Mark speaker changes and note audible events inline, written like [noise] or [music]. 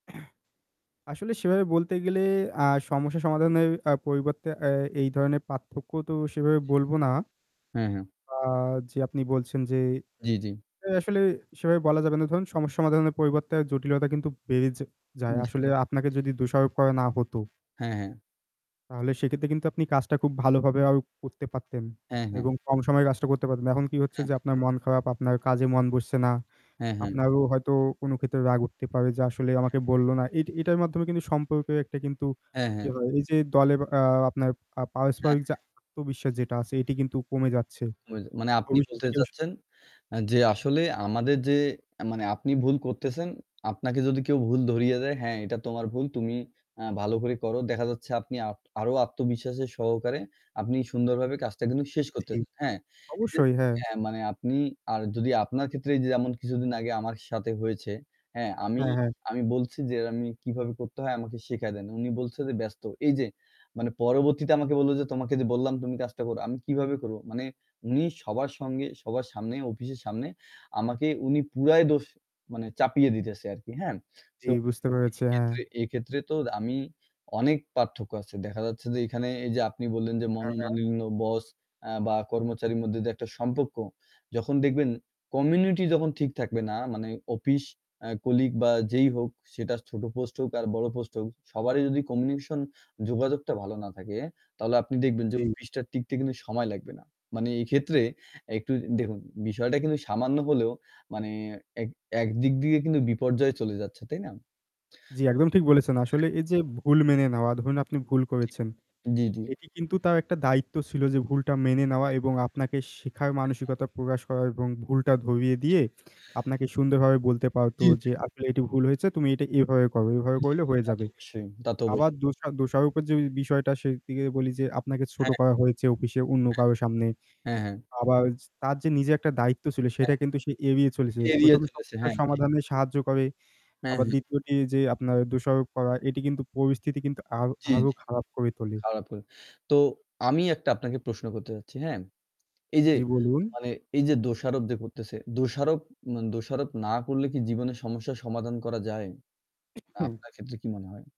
Speaker 1: [clears throat] আসলে সেভাবে বলতে গেলে আ
Speaker 2: হুম।
Speaker 1: সমস্যা সমাধানের আ পরিবর্তে এ এই ধরণের পার্থক্য তো সেভাবে বলবো না।
Speaker 2: হু, হু।
Speaker 1: আ যে আপনি বলছেন যে
Speaker 2: জ্বি, জ্বি।
Speaker 1: আসলে সেভাবে বলা যাবে না ধরুন সমস্যা সমাধানের পরিবর্তে জটিলতা কিন্তু বেড়ে য
Speaker 2: জি,
Speaker 1: যায়।
Speaker 2: জি।
Speaker 1: আসলে আপনাকে
Speaker 2: জি।
Speaker 1: যদি দোষারোপ করা না হতো
Speaker 2: হ্যাঁ, হ্যাঁ।
Speaker 1: তাহলে সেক্ষেত্রে কিন্তু আপনি কাজটা খুব ভালোভাবে আরো করতে পারতেন।
Speaker 2: হ্যাঁ, হ্যাঁ।
Speaker 1: এবং কম সময়ে কাজটা করতে পারতেন। এখন কি হচ্ছে
Speaker 2: হ্যাঁ, হ্যাঁ।
Speaker 1: যে আপনার মন খারাপ আপনার কাজে মন বসছে না।
Speaker 2: হ্যাঁ ,হ্যাঁ।
Speaker 1: আপনারও হয়তো কোন ক্ষেত্রে রাগ উঠতে পারে যে আসলে
Speaker 2: হ্যাঁ,
Speaker 1: আমাকে
Speaker 2: হ্যাঁ।
Speaker 1: বলল না। এট এটার মাধ্যমে কিন্তু সম্পর্কে একটা কিন্তু
Speaker 2: হ্যাঁ,
Speaker 1: কি
Speaker 2: হ্যাঁ।
Speaker 1: হয় এই যে দলে আ আপনার আ
Speaker 2: হ্যাঁ,
Speaker 1: পারস্পরিক যে
Speaker 2: হ্যাঁ।
Speaker 1: আত্মবিশ্বাস যেটা আছে এটি কিন্তু কমে যাচ্ছে।
Speaker 2: [unintelligible] মানে আপনি
Speaker 1: ভবিষ্যতে।
Speaker 2: বলতে
Speaker 1: [unintelligible]
Speaker 2: চাচ্ছেন আ যে আসলে আমাদের যে আ মানে আপনি ভুল করতেছেন, আপনাকে যদি কেউ ভুল ধরিয়ে দেয়, হ্যাঁ এটা তোমার ভুল তুমি আ ভালো করে করো। দেখা যাচ্ছে আপনি আ আরো আত্মবিশ্বাসের সহকারে আপনি সুন্দরভাবে কাজটা কিন্তু শেষ করতে,
Speaker 1: জ্বি,
Speaker 2: হ্যাঁ।
Speaker 1: অবশ্যই। হ্যাঁ।
Speaker 2: হ্যাঁ, মানে আপনি আর যদি আপনার ক্ষেত্রে এইযে যেমন কিছুদিন আগে আমার সাথে হয়েছে, হ্যাঁ আমি
Speaker 1: হ্যাঁ, হ্যাঁ।
Speaker 2: আমি বলছি যে, "আমি কিভাবে করতে হয় আমাকে শিখায় দেন"। উনি বলছেন যে, "ব্যস্ত।" এই যে মানে পরবর্তীতে আমাকে বলল যে, "তোমাকে যে বললাম তুমি কাজটা করো।" আমি কিভাবে করব? মানে উনি সবার সঙ্গে সবার সামনে অফিসের সামনে আমাকে উনি পুরাই দোষ মানে চাপিয়ে দিতেছে আরকি। হ্যাঁ?
Speaker 1: জ্বি,
Speaker 2: তো
Speaker 1: বুঝতে পেরেছি। হ্যাঁ।
Speaker 2: এক্ষেত্রে এক্ষেত্রে তো আমি অনেক পার্থক্য আছে। দেখা যাচ্ছে যে, এখানে এই যে আপনি বললেন যে
Speaker 1: হ্যাঁ, হ্যাঁ।
Speaker 2: মনোমালিন্য বস আ বা কর্মচারীর মধ্যে যে একটা সম্পর্ক যখন দেখবেন কমিউনিটি যখন ঠিক থাকবে না মানে অফিস আ কলিগ বা যেই হোক সেটা ছোট পোস্ট হোক আর বড় পোস্ট হোক সবারই যদি কমিউনিকেশন যোগাযোগটা ভালো না থাকে তাহলে আপনি দেখবেন যে
Speaker 1: জী।
Speaker 2: অফিস টা টিকতে কিন্তু সময় লাগবে না। মানে, এইক্ষেত্রে একটু দেখুন বিষয়টা কিন্তু সামান্য হলেও মানে এক একদিক দিয়ে কিন্তু বিপর্যয় চলে যাচ্ছে। তাই না?
Speaker 1: জ্বি, একদম ঠিক বলেছেন।
Speaker 2: তো
Speaker 1: আসলে
Speaker 2: হ্যাঁ।
Speaker 1: এই যে ভুল মেনে নেওয়া ধরুন আপনি ভুল
Speaker 2: জি,
Speaker 1: করেছেন।
Speaker 2: জ্বী, জ্বী।
Speaker 1: এটি কিন্তু তার একটা দায়িত্ব ছিল যে ভুলটা মেনে নেওয়া
Speaker 2: হ্যাঁ, হ্যাঁ।
Speaker 1: এবং আপনাকে শেখার
Speaker 2: হ্যাঁ, হ্যাঁ।
Speaker 1: মানসিকতা প্রকাশ করা এবং ভুলটা ধরিয়ে
Speaker 2: [unintelligible]
Speaker 1: দিয়ে আপনাকে সুন্দরভাবে বলতে পারত
Speaker 2: জি, জি।
Speaker 1: যে আসলে এটি ভুল হয়েছে তুমি এটা এভাবে করো। এভাবে
Speaker 2: জ্বী, জ্বী।
Speaker 1: করলে হয়ে
Speaker 2: তা তো
Speaker 1: যাবে।
Speaker 2: অবশ্যই, তা তো
Speaker 1: আবার
Speaker 2: অবশ্যই।
Speaker 1: দোষা দোষারোপের যে বিষয়টা সেদিকে বলি যে আপনাকে ছোট
Speaker 2: হ্যাঁ, হ্যাঁ।
Speaker 1: করা হয়েছে অফিসে অন্য কারো সামনে।
Speaker 2: হ্যাঁ, হ্যাঁ। হ্যাঁ, হ্যাঁ।
Speaker 1: আবার তার যে নিজের একটা দায়িত্ব ছিল সেটা
Speaker 2: হ্যাঁ,
Speaker 1: কিন্তু সে এড়িয়ে চলেছে।
Speaker 2: হ্যাঁ। এড়িয়ে
Speaker 1: ১ম এ
Speaker 2: চলেছে।
Speaker 1: সমস্যার
Speaker 2: হ্যাঁ, ঠিক।
Speaker 1: সমাধানে সাহায্য করে।
Speaker 2: হ্যাঁ,
Speaker 1: আবার
Speaker 2: হ্যাঁ।
Speaker 1: ২য় টি যে আপনার দোষারোপ করা এটি কিন্তু পরিস্থিতি কিন্তু আর
Speaker 2: জ্বি,
Speaker 1: আরো
Speaker 2: জ্বি।
Speaker 1: খারাপ করে তোলে।
Speaker 2: খারাপ। [unintelligible] তো, আমি একটা আপনাকে প্রশ্ন করতে চাচ্ছি, হ্যাঁ? এই যে
Speaker 1: জ্বি, বলুন।
Speaker 2: মানে এই যে দোষারোপ যে করতেছে, দোষারোপ মা দোষারোপ না করলে কি জীবনের সমস্যা সমাধান করা যায়? মানে
Speaker 1: [sneezes]
Speaker 2: আপনার ক্ষেত্রে কি মনে হয়?